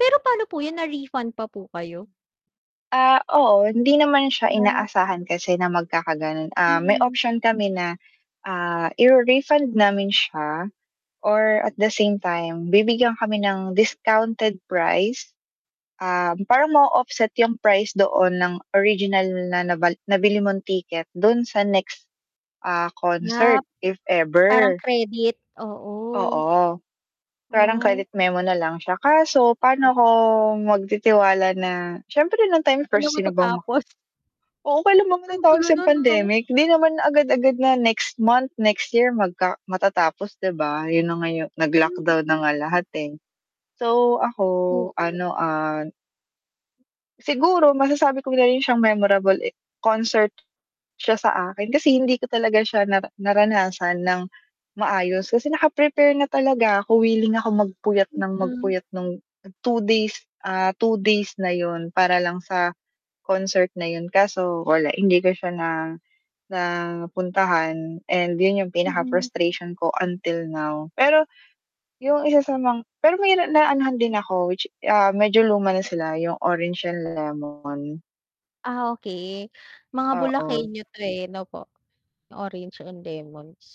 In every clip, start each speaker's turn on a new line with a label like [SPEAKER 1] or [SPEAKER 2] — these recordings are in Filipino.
[SPEAKER 1] Pero paano po 'yan na-refund pa po kayo?
[SPEAKER 2] Ah, oo, hindi naman siya
[SPEAKER 1] Ah.
[SPEAKER 2] inaasahan kasi na magkakagano'n. Ah, may
[SPEAKER 1] Mm.
[SPEAKER 2] option kami na, ah, i-re-refund namin siya or at the same time bibigyan kami ng discounted price, um, parang na-o-offset 'yung price doon ng original na nabal nabili mong ticket dun sa next, ah,
[SPEAKER 1] Na
[SPEAKER 2] concert, if
[SPEAKER 1] parang
[SPEAKER 2] ever.
[SPEAKER 1] credit, oo.
[SPEAKER 2] Oo, parang
[SPEAKER 1] Ay.
[SPEAKER 2] credit memo na lang siya. Kaso
[SPEAKER 1] O
[SPEAKER 2] paano ako magtitiwala na siyempre nung time
[SPEAKER 1] [unintelligible] Una
[SPEAKER 2] first sino bang ma
[SPEAKER 1] matatapos.
[SPEAKER 2] Oo, kailan ba
[SPEAKER 1] Ang gulo
[SPEAKER 2] matatapos yang
[SPEAKER 1] nun, 'no?
[SPEAKER 2] pandemic, di naman agad-agad na next month, next year magka matatapos, 'di ba, 'yun na nga 'yu naglockdown na nga
[SPEAKER 1] [unintelligible]
[SPEAKER 2] lahat, eh. So, ako
[SPEAKER 1] Oo.
[SPEAKER 2] ano, ah, Siguro masasabi ko na rin siyang memorable eh concert siya sa akin kasi hindi ko talaga siya nara naranasan nang maayos, kasi naka-prepare na talaga ako, willing ako magpuyat nang
[SPEAKER 1] Mm.
[SPEAKER 2] magpuyat nung 2 days, ah, 2 days na 'yun para lang sa concert na 'yun. Kaso wala hindi ko siya na na puntahan and 'yun 'yung
[SPEAKER 1] Mm.
[SPEAKER 2] pinaka-frustration ko until now. Pero, 'yung isa sa mang pero mahira na anohan din ako which, ah, medyo luma na sila 'yung, Orange and Lemon.
[SPEAKER 1] Ah okey, mga
[SPEAKER 2] Oo.
[SPEAKER 1] Bulakenyo to eh, 'no po. Orange and Lemons.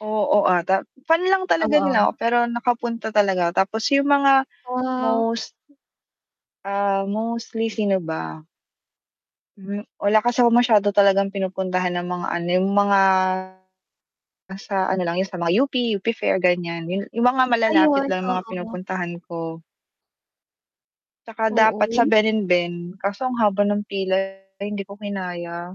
[SPEAKER 2] Oo ata, fan lang talaga nila
[SPEAKER 1] Oo.
[SPEAKER 2] ako pero nakapunta talaga ako tapos 'yung mga
[SPEAKER 1] Wow.
[SPEAKER 2] most ah, mostly, sino ba? Hmm, wala kasi ako masyado talagang pinupuntahan na mga ano, 'yung mga, nasa ano lang 'yun sa mga UP, UP Fair ganiyan. 'Yun 'yun mga
[SPEAKER 1] Ayun,
[SPEAKER 2] malalapit lang 'yung mga
[SPEAKER 1] oo.
[SPEAKER 2] pinupuntahan ko. 'Tsaka
[SPEAKER 1] Oo.
[SPEAKER 2] dapat sa
[SPEAKER 1] Yu
[SPEAKER 2] Ben&Ben, kaso ang haba ng pila, eh, hindi ko kinaya.